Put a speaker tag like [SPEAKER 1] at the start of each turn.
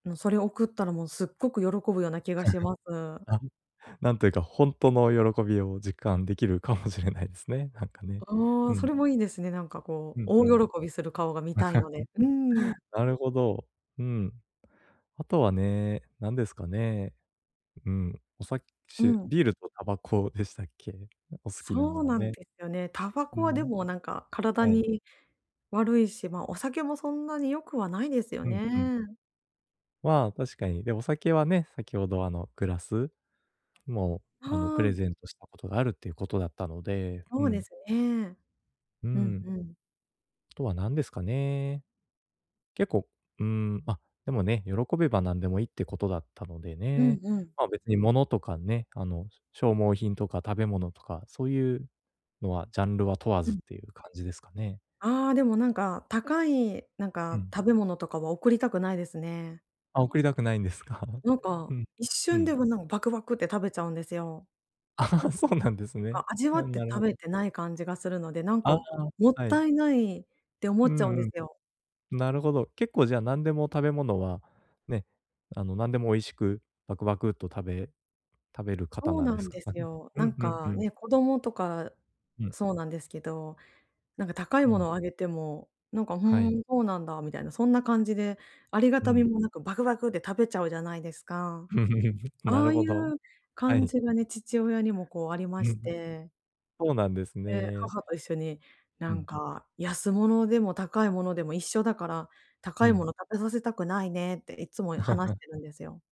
[SPEAKER 1] もう、それ送ったら、もうすっごく喜ぶような気がしま す。
[SPEAKER 2] あんなんというか、ほんとの喜びを実感できるかもしれないですね、なんかね、
[SPEAKER 1] あ
[SPEAKER 2] う
[SPEAKER 1] あ、そ
[SPEAKER 2] ん。
[SPEAKER 1] れもいいですね。なんかこ
[SPEAKER 2] う
[SPEAKER 1] う、
[SPEAKER 2] ん、うん。
[SPEAKER 1] 大喜びする顔が見たいので、うーん。
[SPEAKER 2] なるほど。うん。あとはね、何ですかね。うん。おさ
[SPEAKER 1] う
[SPEAKER 2] しゅ
[SPEAKER 1] ん。
[SPEAKER 2] ビールとタバコでしたっけ？お好きな
[SPEAKER 1] そ
[SPEAKER 2] の
[SPEAKER 1] う
[SPEAKER 2] は
[SPEAKER 1] なん
[SPEAKER 2] ね。
[SPEAKER 1] でよね。タバ
[SPEAKER 2] う
[SPEAKER 1] コはで
[SPEAKER 2] ん。
[SPEAKER 1] もなんか体
[SPEAKER 2] はい。
[SPEAKER 1] に悪いし、ま、お酒もそんなに良くはないですよ
[SPEAKER 2] うん、うん。
[SPEAKER 1] ね。
[SPEAKER 2] まあ、確かに、で、お酒はね、先ほど、あの、グラス？も
[SPEAKER 1] は
[SPEAKER 2] う、あの、プ
[SPEAKER 1] あ。
[SPEAKER 2] レゼントしたことがあるっていうことだったので、う
[SPEAKER 1] そうで
[SPEAKER 2] ん。
[SPEAKER 1] すね。
[SPEAKER 2] う
[SPEAKER 1] うん、
[SPEAKER 2] ん。
[SPEAKER 1] ふん。
[SPEAKER 2] とはなんですかね、結構、うーん、ま、でもね、喜べばなんでもいいってことだったので
[SPEAKER 1] うん、
[SPEAKER 2] ね。
[SPEAKER 1] うん。
[SPEAKER 2] まあ、別に物とかね、あの、消耗品とか食べ物とか、そういうのはジャンルは問わ
[SPEAKER 1] う
[SPEAKER 2] ずっ
[SPEAKER 1] ん。
[SPEAKER 2] ていう感じですかね？
[SPEAKER 1] ああ、でもなんか、高いなん
[SPEAKER 2] う
[SPEAKER 1] か、
[SPEAKER 2] ん。
[SPEAKER 1] 食べ物とかは送りたくないですね。
[SPEAKER 2] あ、送りたくないんですか？
[SPEAKER 1] なん
[SPEAKER 2] う
[SPEAKER 1] か、
[SPEAKER 2] ん、
[SPEAKER 1] 一
[SPEAKER 2] う
[SPEAKER 1] 瞬
[SPEAKER 2] ん。
[SPEAKER 1] で、も、なんバクバクって食べちゃうんですよ。
[SPEAKER 2] そうなんです
[SPEAKER 1] なん
[SPEAKER 2] ね。
[SPEAKER 1] か味わ
[SPEAKER 2] や
[SPEAKER 1] っ
[SPEAKER 2] ん、
[SPEAKER 1] て
[SPEAKER 2] なる
[SPEAKER 1] 食
[SPEAKER 2] ほ
[SPEAKER 1] べ
[SPEAKER 2] ど。
[SPEAKER 1] てない感じがするので、なんか
[SPEAKER 2] ああ、
[SPEAKER 1] もっ
[SPEAKER 2] はい。
[SPEAKER 1] たいないって思
[SPEAKER 2] う
[SPEAKER 1] っちゃうんで
[SPEAKER 2] んう
[SPEAKER 1] すよ。
[SPEAKER 2] ん。なるほど。結構じゃあなんでも食べ物は、ね、あの、なんでも美味しくバクバクっと食べ食べる方
[SPEAKER 1] そう
[SPEAKER 2] なんで
[SPEAKER 1] なん
[SPEAKER 2] すか？
[SPEAKER 1] で
[SPEAKER 2] あ、う
[SPEAKER 1] す
[SPEAKER 2] ん。
[SPEAKER 1] よ。
[SPEAKER 2] う
[SPEAKER 1] な
[SPEAKER 2] ん、
[SPEAKER 1] ん
[SPEAKER 2] うん、う
[SPEAKER 1] か
[SPEAKER 2] ん。
[SPEAKER 1] ね、子供とか、
[SPEAKER 2] うん。
[SPEAKER 1] そうなんですけど、なんか高い
[SPEAKER 2] う
[SPEAKER 1] も
[SPEAKER 2] ん。
[SPEAKER 1] のあげても、なんか「ふ
[SPEAKER 2] はい。
[SPEAKER 1] ん、そうなんだ」みたいな、そんな感じで、ありが
[SPEAKER 2] う
[SPEAKER 1] たみ
[SPEAKER 2] ん。
[SPEAKER 1] もなんか、バクバクで食べちゃうじゃないですか。
[SPEAKER 2] な
[SPEAKER 1] あ
[SPEAKER 2] る
[SPEAKER 1] あい
[SPEAKER 2] ほど。
[SPEAKER 1] う
[SPEAKER 2] は
[SPEAKER 1] 感
[SPEAKER 2] い。
[SPEAKER 1] じがね、父親にもこうありま
[SPEAKER 2] う
[SPEAKER 1] し
[SPEAKER 2] ん。
[SPEAKER 1] て
[SPEAKER 2] そうなんです
[SPEAKER 1] で、
[SPEAKER 2] ね。
[SPEAKER 1] 母と一緒に
[SPEAKER 2] う
[SPEAKER 1] 「なん
[SPEAKER 2] ん。
[SPEAKER 1] か、安物でも高いものでも一緒だから、高
[SPEAKER 2] う
[SPEAKER 1] いも
[SPEAKER 2] ん。
[SPEAKER 1] の食べさせたくないね」っていっつも話し てるんですよ。